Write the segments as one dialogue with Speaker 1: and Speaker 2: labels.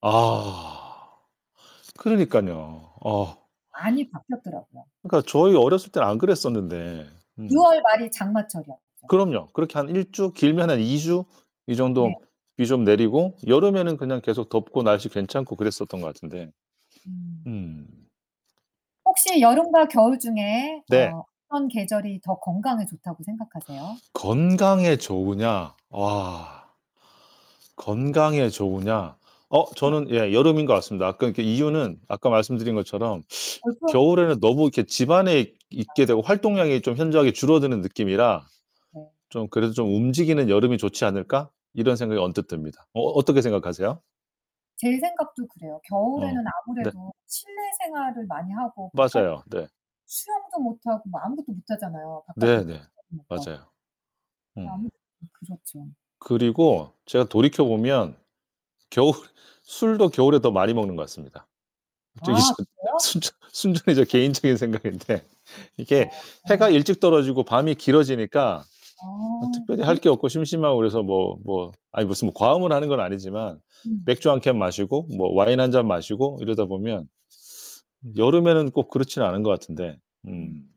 Speaker 1: 아 그러니깐요. 어.
Speaker 2: 많이 바뀌었더라고요.
Speaker 1: 그러니까 저희 어렸을 땐 안 그랬었는데.
Speaker 2: 6
Speaker 1: 응.
Speaker 2: 월 말이 장마철이었죠.
Speaker 1: 그럼요. 그렇게 한 1 주, 길면 한 2 주 이
Speaker 2: 네.
Speaker 1: 정도 비 좀 내리고 여름에는 그냥 계속 덥고 날씨 괜찮고 그랬었던 것 같은데.
Speaker 2: 음.
Speaker 1: 음.
Speaker 2: 혹시 여름과 겨울 중에
Speaker 1: 네.
Speaker 2: 어 어떤 계절이 더 건강에 더 좋다고 생각하세요?
Speaker 1: 건강에 좋으냐? 와. 건강에 좋으냐. 어?
Speaker 2: 어머.
Speaker 1: 저는 예 여름인 것 같습니다. 아까 그 이유는 아까 말씀드린 것처럼
Speaker 2: 벌써?
Speaker 1: '겨울에는 너무 이렇게 집안에 있게 되고
Speaker 2: 맞아요.
Speaker 1: 활동량이 좀 현저하게 줄어드는 느낌이라
Speaker 2: 네.
Speaker 1: 좀 그래도 좀 움직이는 여름이 좋지 않을까?' 이런 생각이 언뜻 듭니다. 어 어떻게 생각하세요?
Speaker 2: 제 생각도 그래요.
Speaker 1: 어.
Speaker 2: 겨울에는
Speaker 1: 네.
Speaker 2: 아무래도 실내 생활을 많이 하고 바깥
Speaker 1: 맞아요. 네.
Speaker 2: 수영도 못하고 뭐 아무것도 못하잖아요, 바깥에 못
Speaker 1: 네네.
Speaker 2: 나가니까.
Speaker 1: 맞아요.
Speaker 2: 네
Speaker 1: 어.
Speaker 2: 아무래도 좀 그렇죠.
Speaker 1: 그리고 제가 돌이켜보면 겨울 술도 겨울에 더 많이 먹는 것 같습니다. 갑자기
Speaker 2: 아
Speaker 1: 전
Speaker 2: 그래요?
Speaker 1: 순전 순전히 제 개인적인
Speaker 2: [unintelligible]
Speaker 1: 생각인데
Speaker 2: 어
Speaker 1: 이게 해가
Speaker 2: 어.
Speaker 1: 일찍 떨어지고 밤이 길어지니까 뭐
Speaker 2: 아.
Speaker 1: 특별히 할
Speaker 2: [unintelligible]
Speaker 1: 게 없고 심심하고 그래서 뭐 뭐 아니 무슨 뭐 과음을 하는 건 아니지만
Speaker 2: 음.
Speaker 1: 맥주 1 캔 마시고 뭐 와인 1 잔 마시고 이러다 보면 여름에는 꼭 그렇진 않은 것 같은데
Speaker 2: 음.
Speaker 1: 음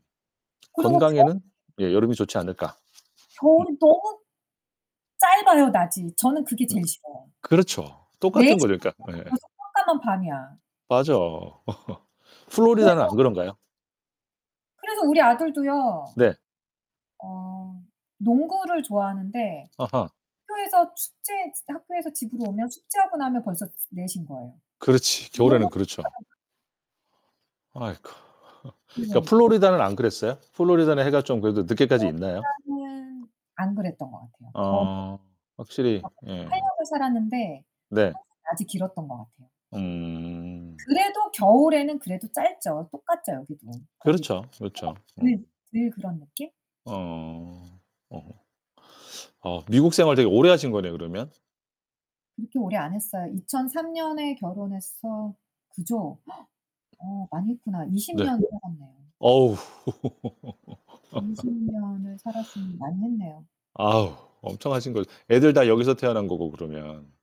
Speaker 2: 그리고 겨
Speaker 1: 건강에는 예 여름이 좋지 않을까? 음.
Speaker 2: 겨울은 너무 짧아요 낮이. 저는 그게
Speaker 1: 음.
Speaker 2: 제일 싫어요.
Speaker 1: 그렇죠.
Speaker 2: 네
Speaker 1: 똑같은
Speaker 2: 시
Speaker 1: 거죠.
Speaker 2: 만
Speaker 1: 그러니까
Speaker 2: 되도
Speaker 1: 예예.
Speaker 2: 벌써 깜깜한 밤이야.
Speaker 1: 맞아. 플로리다는
Speaker 2: 그래서
Speaker 1: 안 그런가요?
Speaker 2: 그래서 우리 아들도요
Speaker 1: 네.
Speaker 2: 어 농구를 좋아하는데
Speaker 1: 어허.
Speaker 2: 학교에서 숙제 학교에서 집으로 오면 숙제하고 나면 벌써 4:00 인 거예요.
Speaker 1: 그렇지.
Speaker 2: 농구하고
Speaker 1: 겨울에는 그렇죠.
Speaker 2: [unintelligible]
Speaker 1: 아이쿠. 그러니까
Speaker 2: 그러니까.
Speaker 1: 플로리다는 안 그랬어요? 플로리다는 해가 좀 그래도 늦게까지
Speaker 2: 어
Speaker 1: 있나요?
Speaker 2: 플로리다는 안 그랬던 것 같아요. 더워도
Speaker 1: 어 확실히
Speaker 2: 거기서 8
Speaker 1: 예.
Speaker 2: 년을 살았는데
Speaker 1: 네.
Speaker 2: 항상 낮이 길었던 것 같아요.
Speaker 1: 음.
Speaker 2: 그래도 겨울에는 그래도 짧죠. 똑같죠, 여기도. 거기도
Speaker 1: 그렇죠,
Speaker 2: 해가
Speaker 1: 그렇죠.
Speaker 2: 들
Speaker 1: 음.
Speaker 2: 들 그런 느낌?
Speaker 1: 어. 어. 어 미국 생활 되게 오래 하신 거네요, 그러면?
Speaker 2: 그렇게 오래 안 했어요. 2003 년에 결혼해서 그죠? 어 많이 했구나. 20
Speaker 1: 네.
Speaker 2: 년 살았네요.
Speaker 1: 어우.
Speaker 2: 20 년을 살았으니 많이 했네요.
Speaker 1: 아우 엄청 하신 거죠. 애들 다 여기서 태어난 거고, 그러면.